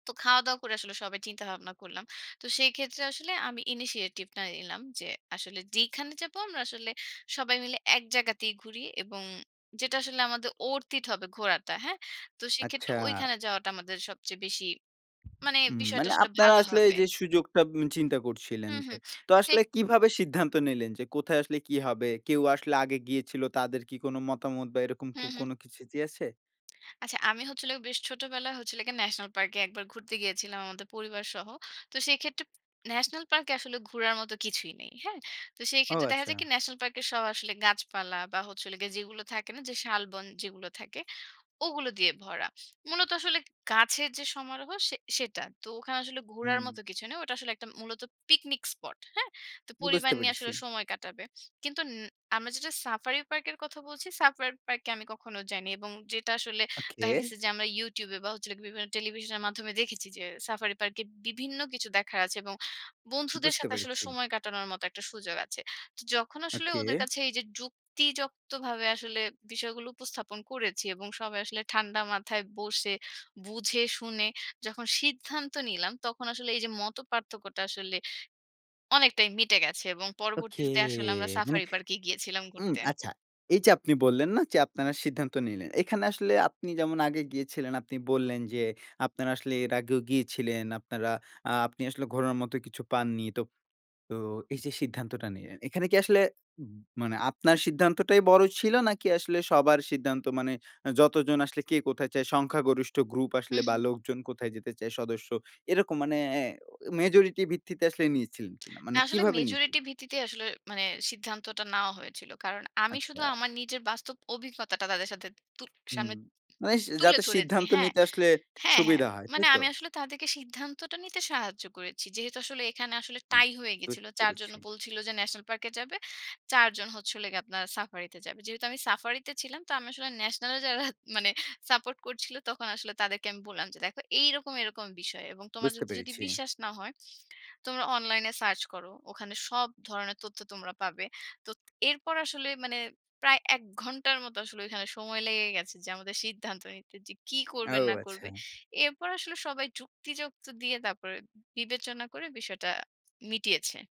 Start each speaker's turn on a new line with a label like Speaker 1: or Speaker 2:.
Speaker 1: তো খাওয়া-দাওয়া করে আসলে সবাই চিন্তা ভাবনা করলাম। তো সেই ক্ষেত্রে আসলে আমি ইনিশিয়েটিভ টা নিলাম যে, আসলে যেইখানে যাবো আমরা আসলে, সবাই মিলে এক জায়গাতেই ঘুরি। এবং যেটা আসলে আমাদের অরথ ইট হবে ঘোরাটা। হ্যাঁ? তো সেক্ষেত্রে
Speaker 2: আচ্ছা।
Speaker 1: ঐখানে যাওয়াটা আমাদের সবচেয়ে বেশি, মানে বিষয়টা
Speaker 2: মানে
Speaker 1: আসলে
Speaker 2: আপনারা
Speaker 1: ভালো
Speaker 2: আসলে
Speaker 1: হবে।
Speaker 2: যে সুযোগটা চিন্তা করছিলেন
Speaker 1: হুম,
Speaker 2: যে,
Speaker 1: হুম।
Speaker 2: তো আসলে
Speaker 1: সেভ
Speaker 2: কিভাবে সিদ্ধান্ত নিলেন যে কোথায় আসলে কি হবে? কেউ আসলে আগে গিয়েছিল তাদের কি কোন মতামত বা এরকম
Speaker 1: হু, হু।
Speaker 2: কোনো কিছু কি আছে?
Speaker 1: আচ্ছা, আমি হচ্ছে বেশ ছোটবেলায় হচ্ছে ন্যাশনাল পার্কে ১ বার ঘুরতে গিয়েছিলাম আমাদের পরিবারসহ। তো সেক্ষেত্রে, ন্যাশনাল পার্কে আসলে ঘুরার মতো কিছুই নেই। হ্যাঁ? তো সেই
Speaker 2: ও!
Speaker 1: ক্ষেত্রে দেখা যায়
Speaker 2: আচ্ছা।
Speaker 1: কি, ন্যাশনাল পার্ক সব আসলে গাছপালা বা হচ্ছে যেগুলো থাকে না, শালবন যেগুলো থাকে ওগুলো দিয়ে ভরা। মূলত আসলে গাছের যে সমারোহ সে সেটা। তো ওখানে আসলে ঘোরার
Speaker 2: হুম।
Speaker 1: মতো কিছু নেই। ওটা আসলে মূলত পিকনিক স্পট। হ্যাঁ? তো
Speaker 2: আমি
Speaker 1: পরিবার
Speaker 2: বুঝতে
Speaker 1: নিয়ে
Speaker 2: পেরেছি।
Speaker 1: আসলে সময় কাটাবে। কিন্তু আমরা যেটা সাফারি পার্কের কথা বলছি, সাফারি পার্কে আমি কখনো যাইনি। এবং যেটা আসলে দেখা
Speaker 2: ওকে।
Speaker 1: গেছে যে, আমরা ইউটিউব বা বিভিন্ন টেলিভিশনের মাধ্যমে দেখেছি যে সাফারি পার্কে বিভিন্ন কিছু দেখার আছে এবং বন্ধুদের
Speaker 2: বুঝতে
Speaker 1: সাথে আসলে
Speaker 2: পেরেছি।
Speaker 1: সময় কাটানোর মত একটা সুযোগ আছে। তো যখন আসলে ওদের
Speaker 2: ওকে।
Speaker 1: কাছে এই যে, যুক্তিযক্তভাবে আসলে বিষয়গুলো উপস্থাপন করেছি এবং সবাই আসলে ঠান্ডা মাথায় বসে বুঝে শুনে যখন সিদ্ধান্ত নিলাম তখন আসলে এই যে মতপার্থক্যটা আসলে অনেকটাই মিটে গেছে। এবং
Speaker 2: ওকে!
Speaker 1: পরবর্তীতে আসলে আমরা
Speaker 2: মানে।
Speaker 1: সাফারি পার্ক এ গিয়েছিলাম
Speaker 2: উম
Speaker 1: ঘুরতে।
Speaker 2: আচ্ছা, এই যে আপনি বললেন না যে আপনারা সিদ্ধান্ত নিলেন। এখানে আসলে আপনি যেমন আগে গিয়েছিলেন আপনি বললেন যে আপনারা আসলে এর আগেও গিয়েছিলেন আপনারা এ্যাঁ আপনি আসলে ঘোরোর মত কিছু পাননি। তো, তো এই যে সিদ্ধান্তটা নিলেন। এখানে কি আসলে মানে আপনার সিদ্ধান্তটাই বড় ছিল, নাকি আসলে সবার সিদ্ধান্ত মানে যতজন আসলে কে কোথায় চায় সংখ্যাগরিষ্ঠ গ্রুপ
Speaker 1: হু,
Speaker 2: আসলে বা
Speaker 1: হু।
Speaker 2: লোকজন কোথায় যেতে চায় সদস্য এরকম মানে এ মেজরিটি ভিত্তিতে আসলে নিয়েছিলেন কিনা?
Speaker 1: না
Speaker 2: মানে
Speaker 1: আসলে
Speaker 2: কিভাবে নিয়েছিলেন?
Speaker 1: মেজরিটি ভিত্তিতে আসলে মানে সিদ্ধান্তটা নেওয়া হয়েছিল। কারণ আমি শুধু
Speaker 2: আচ্ছা।
Speaker 1: আমার নিজের বাস্তব অভিজ্ঞতাটা তাদের সাথে তু
Speaker 2: হু,
Speaker 1: সামনে
Speaker 2: মানে
Speaker 1: তুলে
Speaker 2: যাতে
Speaker 1: ধরেছি।
Speaker 2: সিদ্ধান্ত
Speaker 1: হ্যাঁ
Speaker 2: নিতে আসলে
Speaker 1: হ্যাঁ, হ্যাঁ।
Speaker 2: সুবিধা হয়,
Speaker 1: মানে
Speaker 2: তাই তো?
Speaker 1: আমি আসলে তাদেরকে সিদ্ধান্তটা নিতে সাহায্য করেছি। যেহেতু আসলে এখানে আসলে
Speaker 2: হুম।
Speaker 1: টাই হয়ে গেছিল। ৪ জন
Speaker 2: পেরেছি।
Speaker 1: বলছিল যে ন্যাশনাল পার্কে যাবে। ৪ জন হচ্ছে আপনার সাফারিতে যাবে। যেহেতু আমি সাফারিতে ছিলাম তো আমি আসলে ন্যাশনাল এ যারা সাপোর্ট করছিল তখন আসলে তাদেরকে আমি বললাম যে "দেখো এইরকম এরকম বিষয়। এবং তোমার
Speaker 2: বুঝতে
Speaker 1: যদি
Speaker 2: পেরেছি।
Speaker 1: বিশ্বাস না হয় তোমরা অনলাইন এ সার্চ করো। ওখানে সব ধরনের তথ্য তোমরা পাবে।" তো এরপর আসলে মানে প্রায় ১ ঘন্টার মতো আসলে ওখানে সময় লেগে গেছে যে, আমাদের সিদ্ধান্ত নিতে যে কী করবে
Speaker 2: ও!
Speaker 1: না করবে।
Speaker 2: আচ্ছা।
Speaker 1: এরপর আসলে সবাই যুক্তিযুক্ত দিয়ে তারপরে বিবেচনা করে বিষয়টা মিটিয়েছে।